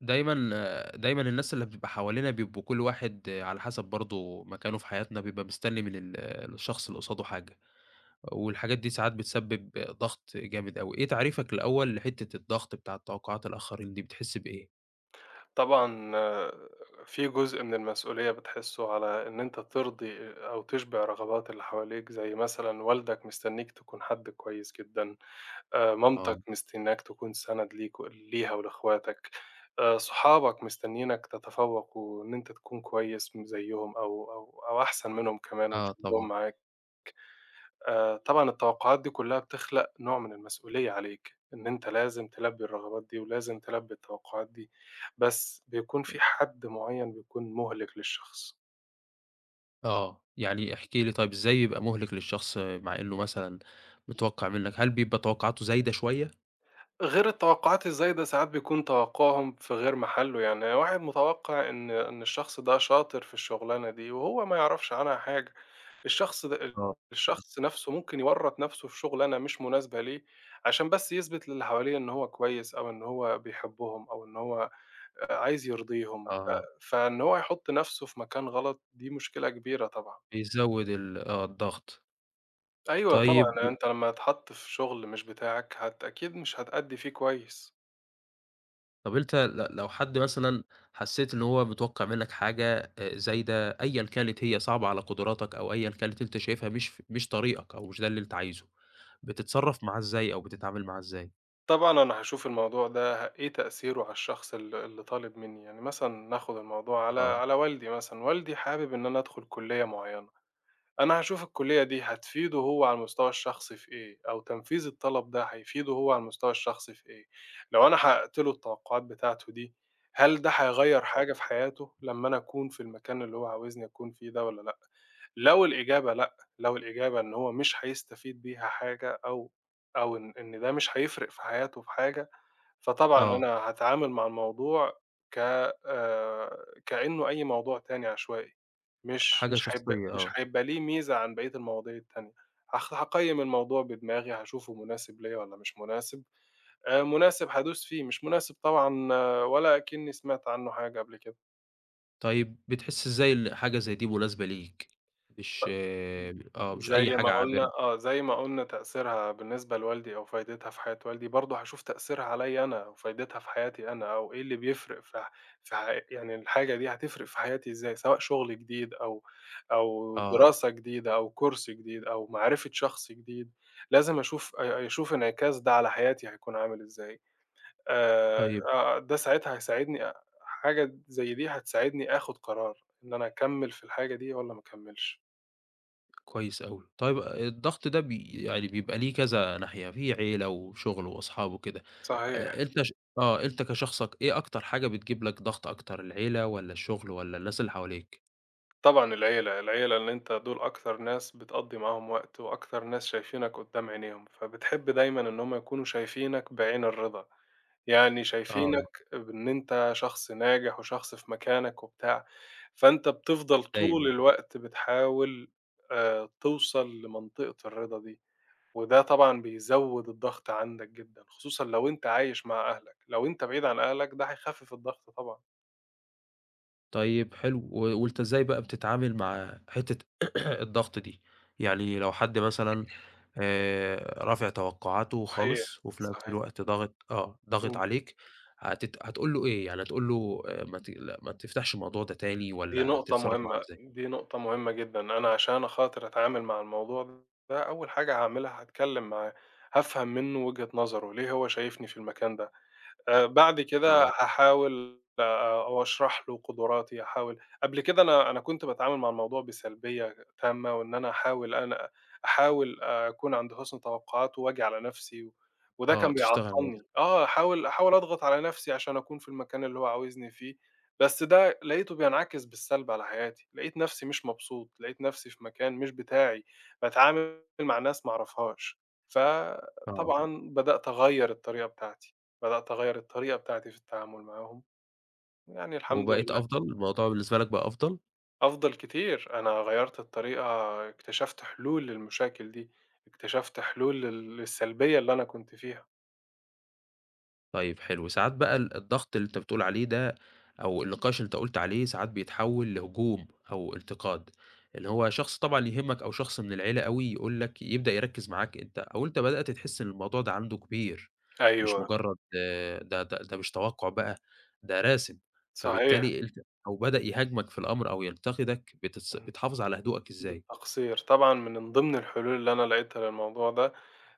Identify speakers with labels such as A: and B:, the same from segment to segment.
A: دايمًا، آآ، دايمًا الناس اللي بتبقى حوالينا بيبقوا كُلّ واحد على حَسَب برضه مكانه في حياتنا بيبقى مستني من ال الشخص اللي قصادُه حاجة، والحاجات دي ساعات بتسبِّب ضغط جامد أوي، إيه تعريفَك الأول لحتّة الضغط بتاعة توقعات الآخرين دي بتحس بإيه؟
B: طبعًا آآ، في جزء من المسؤولية بتحسُّه على إن أنت تِرضي أو تشبِع رغبات اللي حواليك، زي مثلًا والدك مستنيك تكون حد كويس جدًا آآ،
A: آه.
B: مامتك مستنياك تكون سَنَد ليك ليها ولاخواتك آآ، صحابك مستنينك تتفوّق وإن أنت تكون كويّس م زيهم أو أو أو أحسن منهم كمان
A: آه،
B: وتشدّهم
A: طبعًا.
B: معاك. آآ، طبعًا التوقعات دي كُلها بتخلق نوع من المسؤولية عليك، إن أنت لازم تلبّي الرغبات دي ولازم تلبّي التوقعات دي، بس بيكون في حد معيّن بيكون مُهلِك للشخص.
A: آه، يعني احكِ لي طيب إزاي يبقى مُهلِك للشخص آآ، مع إنّه مثلًا متوقّع منَّك، هل بيبقى توقعاته زايدة شوية؟
B: غير التوقعات إزاي، ده ساعات بيكون توقعهم في غير محلُّه، يعني واحد متوقّع إن إن الشخص ده شاطر في الشغلانة دي، وهو ما يعرفش عنها حاجة، الشخص ده
A: آه.
B: الشخص نفسُه ممكن يوّرط نفسُه في شغلانه مش مناسبة ليه، عشان بس يثبت للي حواليه إن هو كويس أو إن هو بيحبّهم أو إن هو عايز يرضيهم ف
A: أها.
B: فإن هو يحُطّ نفسُه في مكان غلط، دي مشكلة كبيرة طبعًا.
A: بيزوّد ال آه، الضغط.
B: أيوه،
A: طيب،
B: طبعًا،
A: و
B: أنت لمّا تتحط في شغل مش بتاعَك هت أكيد مش هتأدّي فيه كويس.
A: طب، أنت ل لو حد مثلًا حسّيت إن هو متوقّع منَّك حاجة زايدة، أيًا كانت هي صعبة على قدراتَك أو أيًا كانت أنت شايفها مش ف مش طريقَك أو مش ده اللي أنت عايزه، بتتصرّف معاه إزاي أو بتتعامل معاه إزاي؟
B: طبعًا أنا هاشوف الموضوع ده إيه تأثيره على الشخص ال اللي طالب منّي. يعني مثلًا، نأخد الموضوع على
A: آه.
B: على والدي مثلًا، والدي حابب إن أنا أدخل كلية معيَّنة. أنا هاشوف الكلية دي هتفيده هو على المستوى الشخصي في إيه، أو تنفيذ الطلب ده هيفيده هو على المستوى الشخصي في إيه، لو أنا حقَّقت له التوقُّعات بتاعته دي، هل ده هيغيِّر
A: آه.
B: حاجة في حياته لمّا أنا أكون في المكان اللي هو عاوزني أكون فيه ده، والّا لأ؟ لو الإجابة لأ، لو الإجابة إن هو مش هيستفيد بيها حاجة، أو أو إن إن ده مش هيفرِق في حياته في حاجة، فطبعًا
A: آه.
B: أنا هاتعامل مع الموضوع ك آآ، كأنه أي موضوع تاني عشوائي،
A: أ
B: مش
A: حاجة
B: مش هيبقى
A: شخصية،
B: مش
A: آه.
B: هيبقى ليه ميزة عن بقية المواضيع التانية. هخ هاقيِّم الموضوع بدماغي، هاشوفه مناسب ليَّا والّا مش مناسب، آآ، مناسب، هادوس فيه، مش مناسب طبعًا ولا أكنّي سمعت عنه حاجة قبل كده.
A: طيب، بتحسّ إزاي إن حاجة زي دي مناسبة ليك؟ مش آآ آه، مش أي
B: زَي ما
A: حاجة
B: قُلنا
A: عابرة؟
B: آه، زَي ما قُلنا تأثيرها بالنسبة لوالدي، أو فايدتها في حياة والدي، برضه هاشوف تأثيرها عليَّ أنا و فايدتها في حياتي أنا، أو إيه اللي بيفرق في ح في حي يعني الحاجة دي هتفرق في حياتي إزاي؟ سواء شُغل جديد أو، أو
A: آه.
B: دراسة جديدة أو course جديد أو معرفة شخص جديد، لازم أشوف أ أشوف انعكاس ده على حياتي هيكون عامل إزاي آآ،
A: طيب
B: آآ، ده ساعتها هيساعدني أ حاجة د زَي دي هتساعدني آخُد قرار، إن أنا أكمّل في الحاجة دي والَّا ما أكمّلش.
A: كويس أوي، طيب آآ، الضغط ده بي يعني بيبقى ليه كذا ناحية، في عيلة وشُغل وأصحاب وكده،
B: صحيح.
A: أ أنت ش آه، أنت كشخصك إيه أكتر حاجة بتجيب لك ضغط أكتر؟ العيلة والَّا الشُغل والَّا الناس اللي حواليك؟
B: طبعًا العيلة، العيلة اللي أنت دُول أكثر ناس بتقضّي معاهم وقت، وأكثر ناس شايفينك قدّام عينيهم، فبتحب دايمًا إن هُم يكونوا شايفينك بعين الرِضا، يعني
A: آه.
B: شايفينك بإن أنت شخص ناجح، وشخص في مكانك وبتاع، فأنت بتفضل
A: أيوه،
B: طول
A: طبعًا.
B: الوقت بتحاول آآ، توصل لمنطقة الرِضا دي، وده طبعًا بيزوّد الضغط عندك جدًا، خصوصًا لو أنت عايش مع أهلك، لو أنت بعيد عن أهلك ده هيخفِّف الضغط طبعًا.
A: طيب حلو، و وأنت إزاي بقى بتتعامل مع حتة الضغط دي؟ يعني لو حد مثلًا آآ، رافع توقعاته
B: صحيح،
A: خالص وفي نَفس
B: صحيح.
A: الوقت ضاغط آه، ضاغط
B: إمم.
A: عليك هتت هتقول له إيه؟ يعني هتقول له آآ "ما تقلق ما تفتحش الموضوع ده تاني."
B: دي
A: والّا
B: نقطة
A: هتتصرّف معاه
B: مهمة،
A: إزاي؟
B: دي نقطة مهمة جدًا. أنا عشان أخاطر أتعامل مع الموضوع ده أول حاجة هاعملها هاتكلم معاه، هافهم منه وجهة نظره، ليه هو شايفني في المكان ده؟ آآ بعد كده
A: آه.
B: هاحاول أو أشرح له قدراتي، هاحاول قبل كده أنا أنا كنت باتعامل مع الموضوع بسلبية غ تامة وإن أنا هاحاول أنا أحاول أكون عند حُسن توقعاته وآجي على نَفسي و وده
A: آه،
B: كان
A: تشتغل على نفسك.
B: بيعطّلني، آه، هاحاول هاحاول أضغط على نَفسي عشان أكون في المكان اللي هو عاوزني فيه، بس ده لقيته بينعكس بالسلب على حياتي، لقيت نَفسي مش مبسوط، لقيت نَفسي في مكان مش بتاعي، باتعامل مع ناس ما أعرفهاش.
A: آه.
B: فطبعًا بدأت أغيّر الطريقة بتاعتي، بدأت أغيّر الطريقة بتاعتي في التعامل معاهم. يعني الحمد
A: وبقيت
B: لله.
A: أفضل، الموضوع بالنسبة لك بقى أفضل؟
B: أفضل كتير، أنا غيّرت الطريقة، اكتشفت حلول للمشاكل دي. اكتشفت حلول لل السلبية اللي أنا كنت فيها.
A: طيب، حلو. ساعات بقى ال الضغط اللي أنت بتقول عليه ده، أو النقاش اللي أنت قُلت عليه، ساعات بيتحوَّل لهجوم أو انتقاد. اللي هو، شخص طبعًا يهمَّك، أو شخص من العيلة أوي يقول لك يبدأ يركِّز معاك أنت، أو أنت بدأت تحِس إن الموضوع ده عنده كبير، مش
B: أيوه.
A: مجرد ده ده ده مش توقُّع بقى، ده راسم.
B: صحيح.
A: فبالتالي أنت أو بدأ يهاجمك في الأمر أو ينتقيك، بتص
B: إمم.
A: بتحافظ على هدوئك إزاي؟
B: بالتقصير. طبعًا ما من ضمن الحلول اللي أنا لاقيتها للموضوع ده،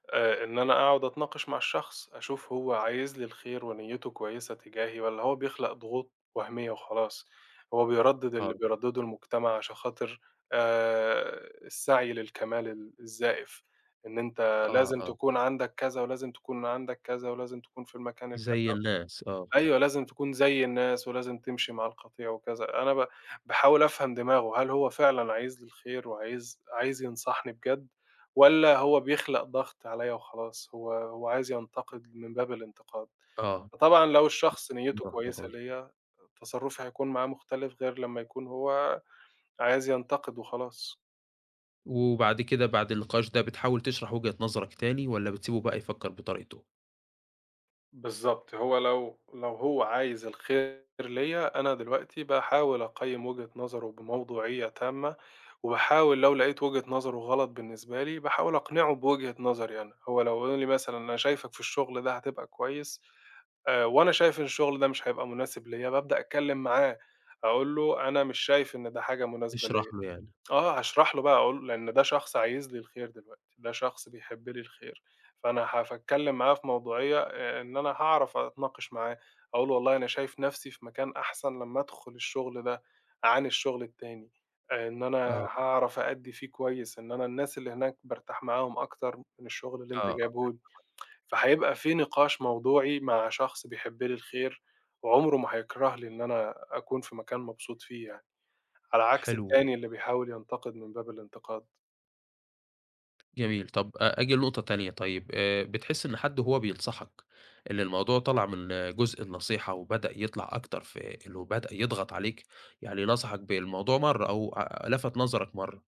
B: آآ، إن أنا أقعد أتناقش مع الشخص، أشوف هو عايز لي الخير ونيَّته كويسة تجاهي، والّا هو بيخلق ضغوط وهمية وخلاص، هو بيردِّد اللي
A: آه.
B: بيردِّده المجتمع، عشان خاطر آآ، السعي للكمال ال الزايف، إن أنت
A: آه،
B: لازم
A: آه.
B: تكون عندك كذا، ولازم تكون عندك كذا، ولازم تكون في المكان الكذا.
A: زي الناس، آه.
B: أيوه، لازم تكون زي الناس، ولازم تمشي مع القطيع وكذا. أنا ب باحاول أفهم دماغه، هل هو فعلًا عايز لي الخير وعايز عايز ينصحني بجد، والّا هو بيخلق ضغط عليَّا وخلاص، هو هو عايز
A: [unintelligible]
B: ينتقد من باب الانتقاد.
A: آه.
B: فطبعًا لو الشخص نيَّته
A: مرة واحدة
B: كويسة
A: خلاص
B: ليَّا، تصرُّفي هيكون معاه مختلف، غير لمّا يكون هو عايز ينتقد وخلاص.
A: وبعد كده بعد النقاش ده بتحاول تشرح وجهة نظرك تاني والَّا بتسيبه بقى يفكّر بطريقتُه؟
B: بالضبط، هو لو لو هو عايز الخير ليّا، أنا دلوقتي باحاول أقيّم وجهة نظرُه بموضوعية تامة، وباحاول لو لقيت وجهة نظرُه غلط بالنسبة لي، باحاول أقنعه بوجهة نظري أنا، هو لو يقول لي مثلًا "أنا شايفك في الشغل ده هتبقى كويس." آآ، وأنا شايف إن الشغل ده مش هيبقى مناسب ليّا بابدأ أتكلم معاه أقول له: "أنا مش شايف إن ده حاجة مناسبة
A: تشرح
B: ليّا."
A: له يعني.
B: آه، هاشرح له بقى أقول لأن ده شخص عايز لي الخير دلوقتي، ده شخص بيحب لي الخير فأنا ف هاتكلم معاه في موضوعية، إن أنا هاعرف أتناقش معاه، أقول له: "والله أنا شايف نَفْسي في مكان أحسن لمّا أدخل الشغل ده، عن الشغل التاني، إن أنا
A: آه.
B: هاعرف أأدّي فيه كويس، إن أنا الناس اللي هناك بارتاح معاهم أكتر من الشغل اللي أنت
A: آه، آه
B: جايبه لي."
A: [unintelligible]
B: فهيبقى في نقاش موضوعي مع شخص بيحب لي الخير، وعمرُه ما هيكره لي إن أنا أكون في مكان مبسوط فيه يعني، على عكس
A: حلو.
B: التاني اللي بيحاول ينتقد من باب الانتقاد.
A: جميل. طَب، أجي لنقطة تانية، طيب، آآ، بتحس إن حد وهو بينصحك إن الموضوع طلع من جزء النصيحة وبدأ يطلع أكتر في إنه بدأ يضغط عليك، يعني نصحك بالموضوع مرة، أو لفت نظرك مرة،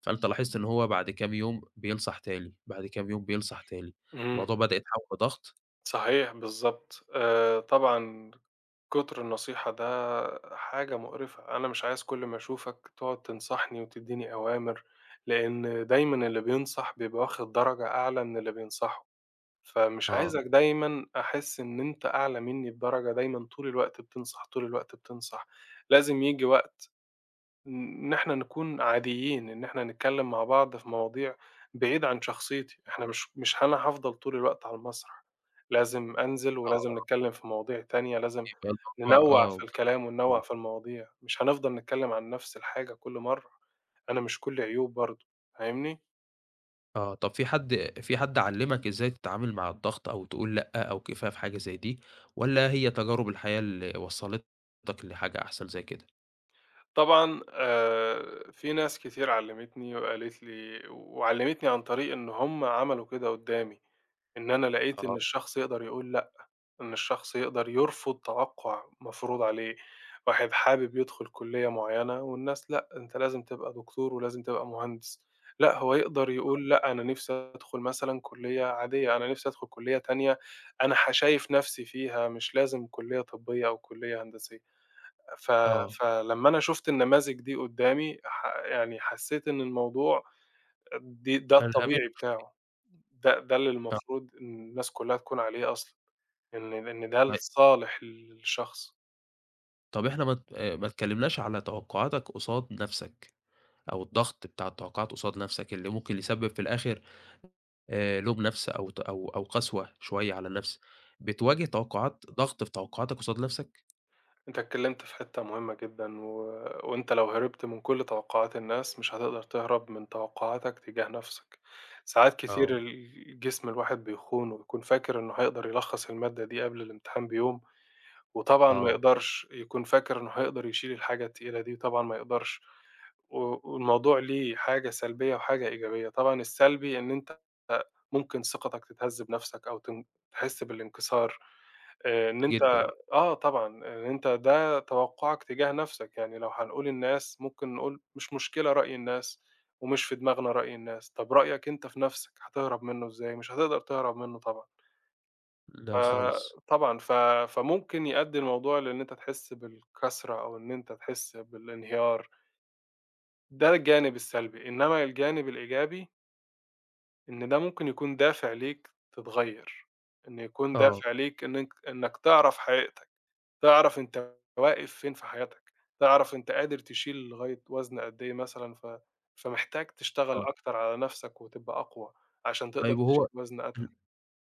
A: فأنت لاحظت إن هو بعد كام يوم، بينصح تاني، بعد كام يوم بينصح تاني،
B: إمم.
A: الموضوع بدأ يتحول لضغط.
B: صحيح، بالضبط. آآ، طبعًا، كتر النصيحة ده حاجة مقرفة. أنا مش عايز كل ما أشوفك تقعد تنصحني وتدِّيني أوامر، لأن دايمًا اللي بينصح بيبقى واخد درجة أعلى من اللي بينصحه. فمش
A: آه.
B: عايزك دايمًا أحِس إن أنت أعلى مني بدرجة، دايمًا طول الوقت بتنصح، طول الوقت بتنصح. لازم ييجي وقت ن إن إحنا نكون عاديين، إن إحنا نتكلَّم مع بعض في مواضيع بعيد عن شخصيتي.
A: آه.
B: إحنا مش مش هن هافضل طول الوقت على المسرح، لازم أنزل،
A: آه،
B: ولازم
A: آه.
B: نتكلَّم في مواضيع تانية، لازم
A: بيبقى الموضوع
B: ننوِّع في
A: آه.
B: الكلام وننوِّع
A: بالضبط.
B: في المواضيع، مش هنفضل نتكلَّم عن نفس الحاجة كل مرة. أنا مش كلِّي عيوب برضه. فاهمني؟
A: آه، طَب في حَد في حَد علّمك إزاي تتعامل مع الضغط أو تقول لأ، أو كفاية فحاجة زَيّ دي، والّا هي تجارب الحياة اللي وصلّتك لحاجة أحسن زَيّ كده؟
B: طبعًا آآ، في ناس كتير علّمتني وقالت لي وعلّمتني عن طريق إن هُم عملوا كده قدّامي، إن أنا لقيت إن
A: آه
B: الشخص يقدر يقول لأ، إن الشخص يقدر يرفض توقُّع مفروض عليه، واحد حابب يدخُل كليّة معيّنة والناس لأ، أنت لازم تبقى دكتور ولازم تبقى مهندس لأ، هو يقدر
A: آه.
B: يقول لأ، أنا نَفْسي أدخُل مثلًا كليّة عادية أنا نَفْسي أدخُل كليّة تانية أنا ه شايف نَفْسي فيها، مش لازم كليّة طبّية أو كليّة هندسية، ف
A: آه.
B: ف لمّا أنا شُفت النماذج دي قدّامي ح يعني حسّيت إن الموضوع آآ، دي ده
A: فألمهمتك
B: الطبيعي
A: شوية.
B: بتاعه، ده ده اللي
A: ط
B: المفروض إن الناس كلّها تكون عليه أصلًا، إن إن ده
A: طيب.
B: لصالح الشخص.
A: طَب احنا ما ت آآ، ما اتكلّمناش على توقّعاتك قصاد نَفْسك أو الضغط بتاع التوقّعات قصاد نَفْسك، اللي ممكن يسبّب في الآخِر آآ، لوم نَفْس أو ت أو أو قسوة شوية على النَفْس، بتواجه توقّعات ضغط في توقّعاتك قصاد نَفْسك؟
B: أنت اتكلمت في حتّة مهمّة جدًا، و وأنت لو هربت من كل توقّعات الناس، مش هتقدر تهرب من توقّعاتك تجاه نَفْسك، ساعات
A: آه.
B: كتير الجسم الواحد بيخونه، ويكون فاكر إنّه هيقدر يلخّص المادة دي قبل الإمتحان بيوم، وطبعًا ما
A: آه.
B: يقدرش، يكون فاكر إنّه هيقدر يشيل الحاجة التقيلة دي وطبعًا ما يقدرش، و والموضوع ليه حاجة سلبية وحاجة إيجابية، طبعًا السلبي إن أنت آآ، ممكن ثقتك تتهزّ بنَفْسك أو تن تحسّ بالإنكسار آآ، إن أنت
A: جدًا.
B: آه، طبعًا، أنت ده توقّعك تجاه نَفْسك، يعني لو هنقول الناس ممكن نقول مش مشكلة رأي الناس، ومش في دماغنا رأي الناس، طَب رأيك أنت في نَفْسك؟ هتهرب منُّه إزاي؟ مش هتقدر تهرب منُّه طبعًا.
A: لا،
B: آآ،
A: خالص.
B: طبعًا ف فممكن يؤدي الموضوع لإن أنت تحسّ بالكسرة أو إن أنت تحسّ بالإنهيار. ده الجانب السلبي، إنّما الجانب الإيجابي إن ده ممكن يكون دافع ليك، تتغيّر، إن يكون
A: آه.
B: دافع ليك إنّك إنّك تعرف حقيقتك، تعرف أنت واقف فين في حياتك، تعرف أنت قادر تشيل لغاية وزن قد إيه مثلًا ف فمحتاج تشتغل
A: آه.
B: أكتر على نَفْسك وتبقى أقوى، عشان تقدر
A: طيب وهو
B: تشيل وزن أتقل.
A: ال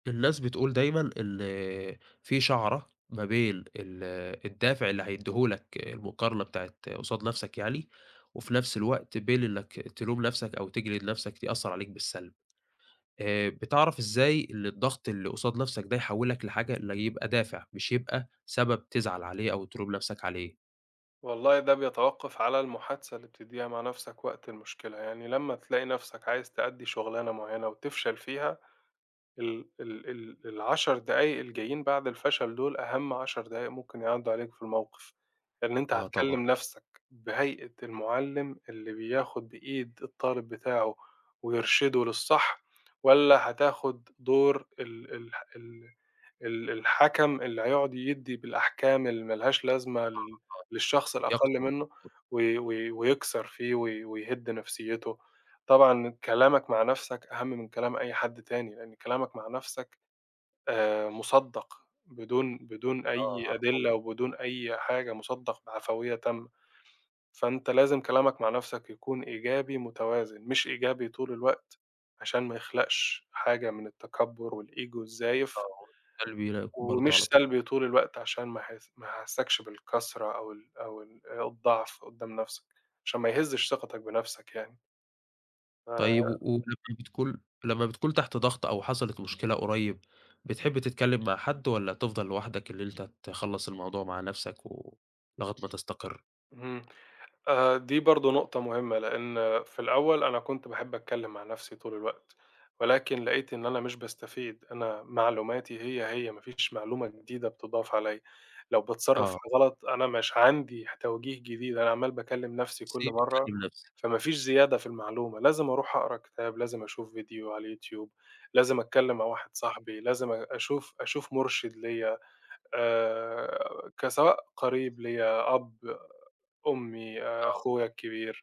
A: الناس بتقول دايمًا ال في شعرة ما بين ال الدافع اللي هيدهولك المقارنة بتاعة قصاد نَفْسك يعني، وفي نَفْس الوقت بين إنّك تلوم نَفْسك أو تجلد نَفْسك يأثر عليك بالسلب، آآ، بتعرف إزاي إن الضغط اللي قصاد نَفْسك ده يحوّلك لحاجة اللي يبقى دافع مش يبقى سبب تزعل عليه أو تلوم نَفْسك عليه؟
B: والله، ده بيتوقَّف على المحادثة اللي بتديها مع نَفْسك وقت المشكلة. يعني لمّا تلاقي نَفْسك عايز تأدِّي شغلانة معيَّنة وتفشل فيها، ال ال ال ال10 دقايق الجايين بعد الفشل دول، أهم 10 دقايق ممكن يعدُّوا عليك في الموقف، لأن أنت
A: آه، طبعًا.
B: هتكلِّم نَفْسك، بهيئة المُعلِّم اللي بياخد بإيد الطالب بتاعه ويرشِده للصح، والّا هتاخد دور ال ال الح ال الحَكَم اللي هيقعد يدِّي بالأحكام اللي ما لهاش لازمة
A: آه،
B: لل للشخص
A: آه يقتل
B: الأقل منَّه،
A: الموضوع.
B: وي وي ويكسر فيه، وي- ويهُد نَفْسيَّته. طبعًا كلامك مع نَفْسك أهم من كلام أي حد تاني، لأن كلامك مع نَفْسك، آآ، مُصدَّق، بدون بدون
A: آه،
B: أي
A: علي طول.
B: أدلة، وبدون أي حاجة، مُصدَّق بعفوية تامة. فأنت لازم كلامك مع نَفْسك يكون إيجابي متوازن، مش إيجابي طول الوقت، عشان ما يخلقش حاجة من التكبُّر والego
A: آه،
B: الزايف.
A: هو ده [unintelligible] برضو
B: ومش
A: على طول.
B: سلبي طول الوقت عشان ما ح ما أحسكش بالكسرة أو ال أو ال أو الضعف قدّام نَفْسك، عشان ما يهزش ثقتك بنَفْسك يعني.
A: طيب
B: ف
A: و ولمّا بتكون لمّا بتكون تحت ضغط أو حصلِت مشكلة قريّب، بتحب تتكلِّم مع حَدّ والَّا تفضل لوحدك اللي أنت تخلّص الموضوع مع نَفْسك و لغاية ما تستقر؟
B: إمم، آآ، دي برضه نقطة مهمّة، لإن في الأول أنا كنت باحب أتكلم مع نَفْسي طول الوقت، ولكن لقيت إن أنا مش باستفيد، أنا معلوماتي هي، هي ما فيش معلومة جديدة بتضّاف عليَّ، لو باتصرف
A: آه.
B: غلط أنا مش عندي ح توجيه جديد أنا عمّال باكلّم نَفْسي كُلّ
A: سيب
B: مرّه،
A: أكلم نفسي.
B: فما فيش زيادة في المعلومة، لازم أروح أقرا كتاب، لازم أشوف فيديو على اليوتيوب، لازم أتكلم مع واحد
A: آه.
B: صاحبي، لازم أ أشوف، أشوف مرشِد ليّا آآ، كسواء قريب ليّا، أب، أمّي، آآ،
A: آه.
B: أخويا الكبير،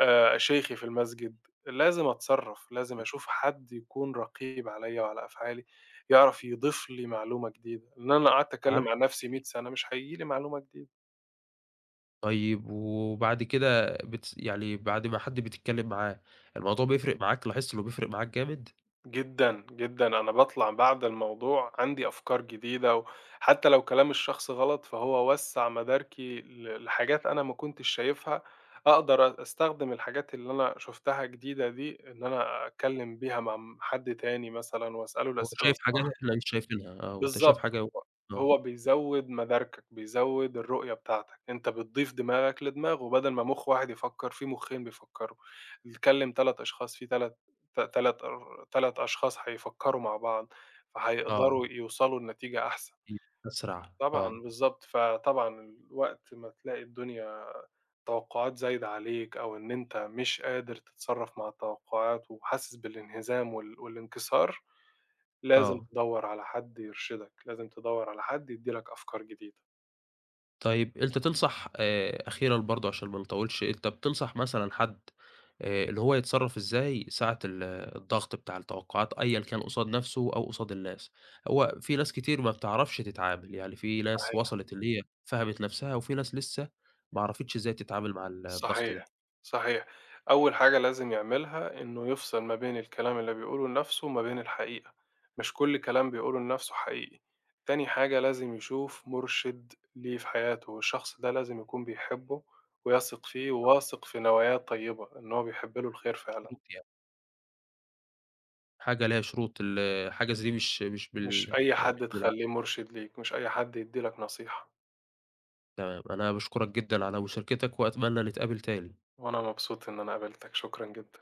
B: آآ، شيخي في المسجد لازم أتصرّف، لازم أشوف حَد يكون رقيب عليَّ وعلى أفعالي، يعرف يضيف لي معلومة جديدة، لإن أنا لو قعدت
A: عم
B: أتكلم مع نَفْسي مِية
A: جديد.
B: سَنة مش هييجي لي معلومة جديدة.
A: طيب، وبعد كده بتس يعني بَعد ما حَدّ بتتكلّم معاه، الموضوع بيفرق معاك، لاحظت إنّه بيفرق معاك جامد؟
B: جدًا، جدًا أنا باطلَع بَعد الموضوع عندي أفكار جديدة وحتى لو كلام الشخص غلط، فهو وسّع مداركي ل لحاجات أنا ما كنتش شايفها، أقدر أ أستخدم الحاجات اللي أنا شُفتها جديدة دي، اللي أنا أتكلّم بيها مع م حَد تاني مثلًا وأسأله
A: هو
B: الأسئلة
A: شايف حاجة
B: الصح.
A: إحنا مش شايفينها آه، وأنت شايف
B: بالضبط
A: حاجة هو آه.
B: ،هو بيزوّد مداركك، بيزوّد الرؤية بتاعتك، أنت بتضيف دماغك لدماغه بدل ما مُخ واحد يفكّر في مُخّين بيفكّروا بيكلّم 3 أشخاص، في 3 ت تَلَت آآ، 3 أشخاص هيفكّروا مع بعض،
A: آه.
B: فهيقدروا يوصلوا لنتيجة أحسن.
A: [unintelligible] أسرع،
B: طبعًا
A: آه.
B: بالضبط، فطبعا وقت ما تلاقي الدنيا التوقّعات زايدة عليك أو إن أنت مش قادر تتصرّف مع التوقّعات وحاسس بالإنهزام وال والإنكسار، لازم
A: آه.
B: تدوّر على حَد يرشدك، لازم تدوّر على حد يدّي لك أفكار جديدة.
A: طيب أنت تنصح آآ، أخيرًا برضه عشان ما نطوّلش، أنت بتنصح مثلًا حَد آآ اللي هو يتصرّف إزاي ساعة ال الضغط بتاع التوقّعات، أيًا كان قصاد نَفْسه أو قصاد الناس؟ هو في ناس كتير ما بتعرفش تتعامل، يعني في ناس
B: صحيح.
A: وصلت اللي هي فهمت نَفْسها وفي ناس لسه ما عرفتش إزاي تتعامل مع ال الضغط ده.
B: صحيح، صحيح، أول حاجة لازم يعملها إنّه يفصل ما بين الكلام اللي بيقوله لنَفْسه وما بين الحقيقة، مش كل كلام بيقوله لنَفْسه حقيقي، تاني حاجة لازم يشوف مُرشد ليه في حياته، والشخص ده لازم يكون بيحبّه ويثق فيه
A: آه.
B: وواثق في نواياه الطيّبة، إن هو بيحبّ له الخير
A: مش كرو
B: فعلًا.
A: يعني. حاجة ليها شروط ال حاجة زَيّ دي مش مش
B: مش
A: بال
B: أي حَد
A: بالعقل.
B: تخلّيه مرشد ليك، مش أي حَد يدّي لك نصيحة.
A: تمام، أنا باشكرك جدًا على مشاركتك، وأتمنى نتقابل تاني.
B: وأنا مبسوط إن أنا قابلتك، شكرًا جدًا.